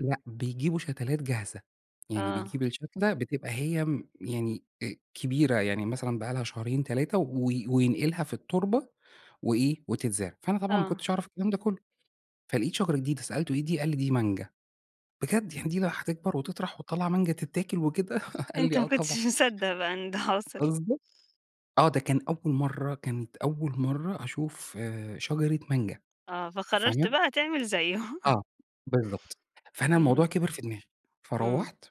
لأ بيجيبوا شتلات جاهزة، يعني آه. بيجيب الشتلة بتبقى هي يعني أ كبيرة، يعني مثلًا بقي لها شهرين، 3 و وينقلها في التربة وإيه وتتزرع. فأنا طبعًا ما آه. كنتش أعرف الكلام ده كله فلقيت شجرة جديدة سألته: "إيه دي قال لي دي مانجا، بجد يعني دي لو هتكبر وهتطرح وهتطلع مانجا تتاكل وكده" قال لي: أنت ما "آه طبعًا." كنتش مصدق بقى إن ده حصل. قصدي آه ده كان أول مرة كانت أول مرة أشوف شجرة مانجا آه، فقررت فاهمة؟ بقى تعمل زيه. آه، بالضبط فأنا الموضوع إمم. كبر في دماغي، إمم. فروّحت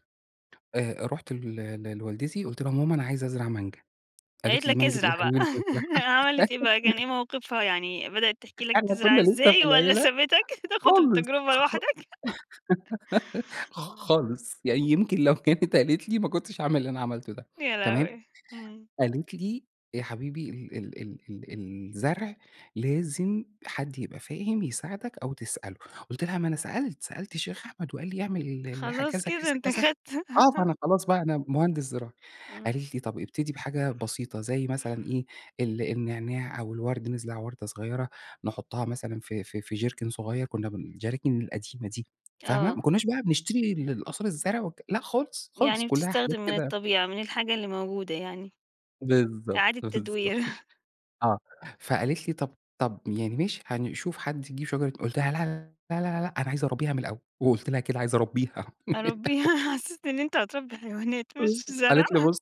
آآ، روحت ل لوالدتي قلت لها: "ماما أنا عايزة أزرع مانجا،" قالت قالت لي: لك "مانجا ايه يا أزرع بقى، حبيبي اللي تزرعها." عملت إيه بقى، كان إيه موقفها يعني بدأت تحكي لك أيوه تزرع كنا لسه في إزاي والّا العيلة سابتك تأخد خالص التجربة لوحدك؟ خ خالص يعني يمكن لو كانت قالت لي ما كنتش هاعمل اللي أنا عملته ده يا تمام. لهوي! إمم. قالت لي يا حبيبي ال ال ال ال الزرع لازم حد يبقى فاهم يساعدك أو تسأله، قلت لها ما أنا سألت سألت الشيخ أحمد وقال لي اعمل ال كذا، خلاص كده كذا، أنت كذا، أخدت آه فأنا خلاص بقى أنا مهندس زراعي، إمم. قالت لي طب ابتدي بحاجة بسيطة زي مثلًا إيه ال النعناع أو الورد نزرع وردة صغيرة نحطها مثلًا في في في جيركن صغير كنا الجراكن القديمة دي فاهمة، ما آه. كناش بقى بنشتري القصاري الزرع لأ خالص خالص يعني كلها حاجات بتستخدم من كده الطبيعة، من الحاجة اللي موجودة يعني. بالضبط، إعادة التدوير. بالضبط، آه، فقالت لي: "طب طب يعني ماشي هنشوف حد يجيب شجرة" قلت لها: "لا، لا، لا، لا، أنا عايز أربيها من الأول،" وقلت لها كده عايزة أربيها. يا ربي، محسسني إن أنت هتربي حيوانات مش زرع. قالت لي بُصّ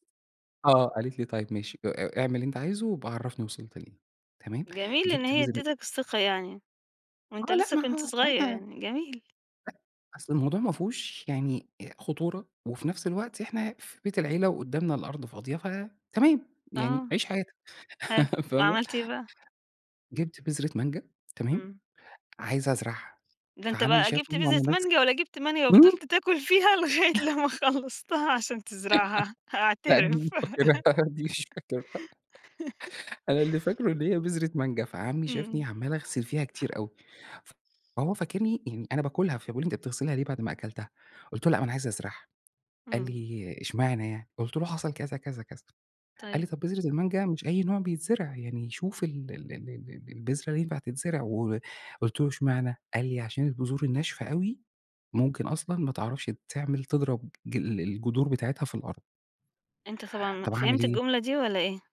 آه قالت لي: "طيب ماشي أ اعمل اللي أنت عايزه وأبقى عرفني وصلت لإيه،" تمام جميل إن جبت هي بذرة أديتك الثقة يعني، وأنت آه، لا لسه ما هو كنت صغير [unintelligible] يعني، جميل. أ أصل الموضوع ما فيهوش يعني خطورة، وفي نفس الوقت إحنا في بيت العيلة وقدامنا الأرض فاضية ف تمام يعني آه، عيش حياتك. حلو فاهمة؟ وعملت إيه بقى؟ جبت بذرة مانجا، تمام إمم. عايز أزرعها ده أنت فعمي بقى جبت شافني بذرة وأنا ماسك مانجا والّا جيبت مانجا امم. وفضلت تأكل فيها لغاية لما خلصتها عشان تزرعها لا دي أعترف. مش فاكرها دي مش فاكرها. أنا اللي فاكره إن هي بذرة مانجا، فعمي شافني إمم. عمال أغسل فيها كتير أوي، فهو فاكرني يعني أنا باكلها، فبيقول لي: "أنت بتغسلها ليه بعد ما أكلتها،" قلت له: "لأ ما أنا عايز أزرعها،" قال إمم. لي: "اشمعنى يعني" قلت له حصل كذا، كذا، كذا، قال طيب. لي: "طب بذرة المانجا مش أي نوع بيتزرع يعني شوف ال ال البذرة ينفع تتزرع" وقلت له: "اشمعنى؟" قال لي: "عشان البذور الناشفة أوي ممكن أصلًا ما تعرفش تعمل تضرب الجذور بتاعتها في الأرض." أنت طبعًا طب أعمل فهمت ايه؟ الجملة دي والّا إيه؟